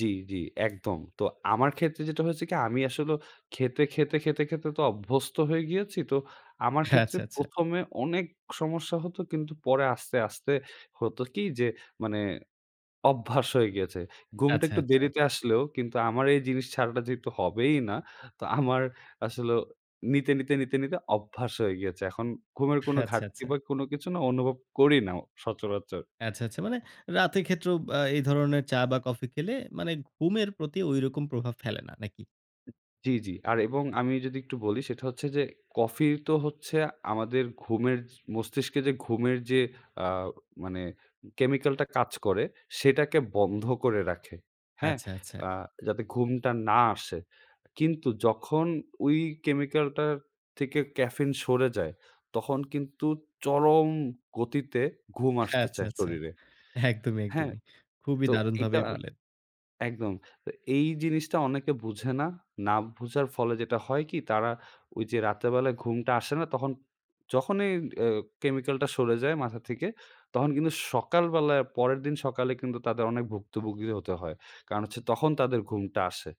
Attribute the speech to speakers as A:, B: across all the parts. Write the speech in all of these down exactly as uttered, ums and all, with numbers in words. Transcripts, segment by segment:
A: জি, জি। একদম। তো আমার ক্ষেত্রে যেটা হয়েছে কি, আমি আসলেও খেতে, খেতে, খেতে, খেতে তো অভ্যস্ত হয়ে গিয়েছি। তো, আমার ক্ষেত্রে
B: আচ্ছা, আচ্ছা।
A: প্রথম এ অনেক সমস্যা হতো কিন্তু পরে আস্তে, আস্তে, হতো কি? যে মানে অভ্যাস হয়ে গিয়েছে। ঘুমটা
B: আচ্ছা,
A: একটু
B: আচ্ছা।
A: দেরিতে আসলেও কিন্তু আমার এই জিনিস ছাড়াটা যেহেতু হবেই না, তো আমার আসলেও নিতে, নিতে, নিতে, নিতে অভ্যাস হয়ে গিয়েছে। এখন ঘুমের কোন
B: আচ্ছা,
A: ঘাটতি
B: আচ্ছা।
A: বা কোনো কিছু না অনুভব করি নাও সচরাচর।
B: আচ্ছা, আচ্ছা। মানে রাতে ক্ষেত্রেও ব্যা এই ধরনের চা বা কফি খেলে মানে ঘুমের প্রতি ঐরকম প্রভাব ফেলে না, নাকি?
A: জি, জি। আর এবং আমি যদি একটু বলি, সেটা হচ্ছে যে কফি তো হচ্ছে আমাদের ঘুমের মস্তিষ্কে যে ঘুমের যে আ মানে chemical কাজ করে, সেটাকে বন্ধ করে রাখে। হ্যাঁ?
B: আচ্ছা, আচ্ছা।
A: আ যাতে ঘুমটা না আসে। কিন্তু যখন ওই chemical টার থেকে caffeine সরে যায় তখন কিন্তু চরম গতিতে ঘুম আসতে
B: আচ্ছা,
A: চায়
B: আচ্ছা।
A: শরীরে।
B: একদমই,
A: হ্যাঁ?
B: একদমই। খুবই
A: তো
B: দারুন
A: এইটা
B: ভাবেই বললেন।
A: একদম। তো এই জিনিসটা অনেকে বুঝে না, না বোঝার ফলে যেটা হয় কি, তারা ওইযে রাতেরবেলায় ঘুমটা আসে না তখন যখনই অ্যা chemical টা সরে যায় মাথা থেকে, তখন কিন্তু সকালবেলায় পরের দিন সকালে কিন্তু তাদের অনেক ভুক্তভুগিও হতে হয়। কারণ হচ্ছে তখন তাদের ঘুমটা আসে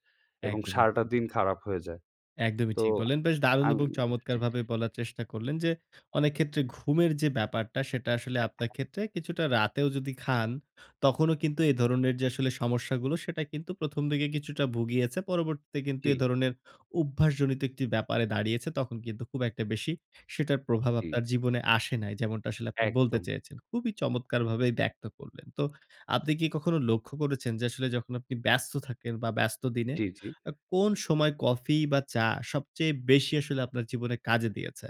A: এবং
B: একদমই,
A: সারাটা
B: একদমই।
A: দিন খারাপ হয়ে যায়।
B: একদমই
A: তো
B: ঠিক বললেন, বেশ দারুণ
A: আমি
B: এবং
A: জি।
B: চমৎকারভাবে বলার চেষ্টা করলেন যে, অনেক ক্ষেত্রে ঘুমের যে ব্যাপারটা সেটা আসলে আপনার ক্ষেত্রে কিছুটা রাতেও যদি খান, তখনও কিন্তু এ ধরনের যে আসলে সমস্যাগুলো সেটা কিন্তু প্রথম দিকে কিছুটা ভুগিয়েছে। পরবর্তীতে কিন্তু এ
A: জি।
B: ধরনের অভ্যাসজনিত একটি ব্যাপারে দাঁড়িয়েছে। তখন কিন্তু খুব একটা বেশি সেটার প্রভাব
A: জি।
B: আপনার জীবনে আসে নাই। যেমনটা আসলে আপনি বলতে
A: একদম।
B: চেয়েছেন। খুবই চমৎকারভাবেই ব্যক্ত করলেন। তো আপনি কি কখনো লক্ষ্য করেছেন যে আসলে যখন আপনি ব্যস্ত থাকেন বা ব্যস্ত দিনে,
A: জ্বি, জ্বি।
B: আ কোন সময় কফি বা চা সবচেয়ে বেশি আসলে আপনার জীবনে কাজে দিয়েছে?